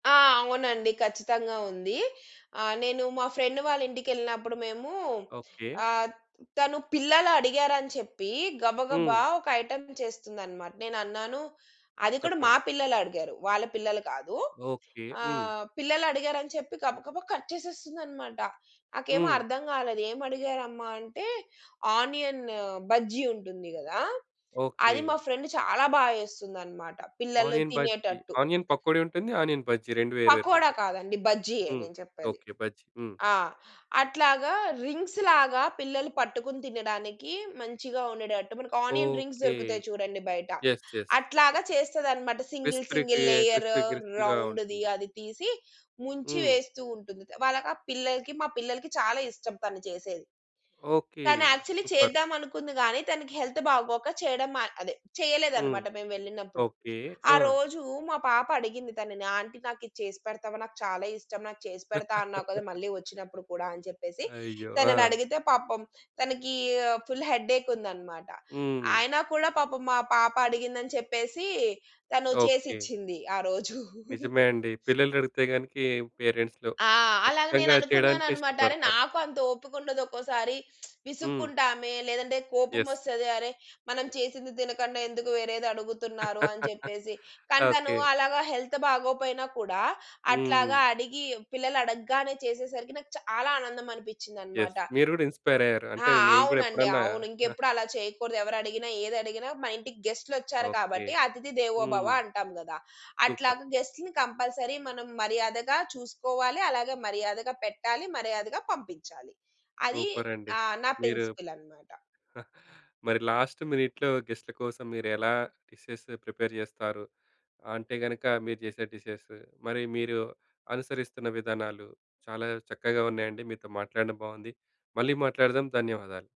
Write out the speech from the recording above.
ఆ! అవునండి. ఖచ్చితంగా ఉంది. ఆహ్, నేను మా ఫ్రెండ్ వాళ్ళ ఇంటికెళ్ళినప్పుడు మేము ఓకె. ఆహ్, తను పిల్లలడిగారని చెప్పి గబగబా హ్మ్. ఒక ఐటెమ్ చేస్తుందనమాట. నేనన్నాను, అది కూడా మా చెప్పండి. పిల్లలడిగారు. వాళ్ళ పిల్లలు కాదు. ఓకె. హ్మ్. ఆహ్, పిల్లలడిగారని చెప్పి గబగబా కట్ చేసేస్తుందన్నమాట. నాకేమో హ్మ్. అర్థం కాలేదు. ఏం అడిగారమ్మ? అంటే ఆనియన్ బజ్జీ ఉంటుంది గదా! అది ఓకె. మా ఫ్రెండ్ చాలా బా చేస్తుందనమాట పిల్లలు ఆనియన్ బజ్జి, తినేటట్టు. ఆనియన్ పకోడీ ఉంటుంది. ఆనియన్ బజ్జీ 2 వేరు పకోడా వేరుగుంటాయి. కాదండి బజ్జీ‌యే హ్మ్. నేను చెప్పేది. ఓకె. బజ్జి. హ్మ్. ఆ! అట్లాగా రింగ్స్ లాగా పిల్లలు పట్టుకొని తినడానికి మంచిగా ఉండేటట్టు మనకి ఆనియన్ రింగ్స్ ఓకె. దొరుకుతాయి చూడండి బయట. Yes, yes. అట్లాగా చేస్తది అనమాట సింగిల్ క్రిస్ప్రికి సింగిల్ లేయరు క్రిస్పీ క్రిస్పీ‌గా రౌండ్‌ది ఉంటుంది. అది తీసి ముంచి హ్మ్. వేస్తూ ఉంటుంది. వాళ్ళకా పిల్లలకి మా పిల్లలకి చాలా ఇష్టం తను చేసేది. ఓకె. తను యాక్చువలీ సుపర్. చేద్దాం అనుకుంది గానీ తనకి హెల్త్ బాగోక చేయడం మా అదే హ్మ్. చేయలేదనమాట మేము వెళ్ళినప్పుడు. ఓకె. ఆ! ఆరోజు మా పాప అడిగింది తనని. "ఆంటీ నాకు ఇది చేసి పెడతావా నాకు చాలా ఇష్టం నాకు చేసి పెడతా అన్నావు కదా! మళ్ళీ వచ్చినప్పుడు కూడ" అని చెప్పేసి. అయ్యో! తనని ఆ! అడిగితే పాపం తనకీ ఫుల్ హెడ్ ఏక్ ఉందనమాట. హ్మ్. అయినా కూడా పాపం మా పాప అడిగిందని చెప్పేసి తను ఓకె. చేసిచ్చింది ఆ రోజు. నిజమే అండి. పిల్లలడుగుతే దానికి పేరెంట్స్‌లో ఆ! అలాగ ఖచ్చితంగా చేయడానికే నేననుకున్నాననమాట. అరె! ఇష్టపడతారు. నాకు అంత ఓపికుండదు ఒక్కోసారి. హ్మ్. విసుక్కుంటామే లేదంటే కోపం యస్. వస్తది. అరె! మనం చేసింది తినకుండా ఎందుకు వేరేదడుగుతున్నారు అని చెప్పేసి. కానీ తను ఓకె. అలాగా హెల్త్ బాగోపోయినా కూడా అట్లాగా హ్మ్. అడిగి పిల్లలడగ్గానే చేసేసరికి నాకు చాలా ఆనందం యస్. అనిపించిందనమాట. మీరు గూడా ఇన్‌స్పై‌ర్ అయ్యారు. అంటే ఆ! నేను కూడా అవునండి. ఎప్పుడన్నా. అవును. ఇంకెప్పుడు అలా చేయకూడదు. ఎవరు అడిగినా ఏదడిగినా మా ఇంటికి గెస్ట్‌లొచ్చారు ఓకె. కాబట్టి అతిథి దేవోభవ హ్మ్. అంటాం గదా! సూపర్. అట్లాగా గెస్ట్‌లని కంపల్సరీ మనం మర్యాదగా చూసుకోవాలి. అలాగే మర్యాదగా పెట్టాలి. మర్యాదగా పంపించాలి. అది సూపర్ అండి! ఆహ్, నా మీరు ప్రిన్సిపుల్ అనమాట. మరి లాస్ట్ మినిట్‌లో గెస్ట్‌ల కోసం మీరు ఎలా డిషెస్ ప్రిపేర్ చేస్తారు, అంటే గనుక మీరు చేసే డిషెస్ మరి మీరు అనుసరిస్తున్న విధానాలు చాలా చక్కగా ఉన్నాయండి. మీతో మాట్లాడడం బాగుంది. మళ్ళీ మాట్లాడదాం ధన్యవాదాలు.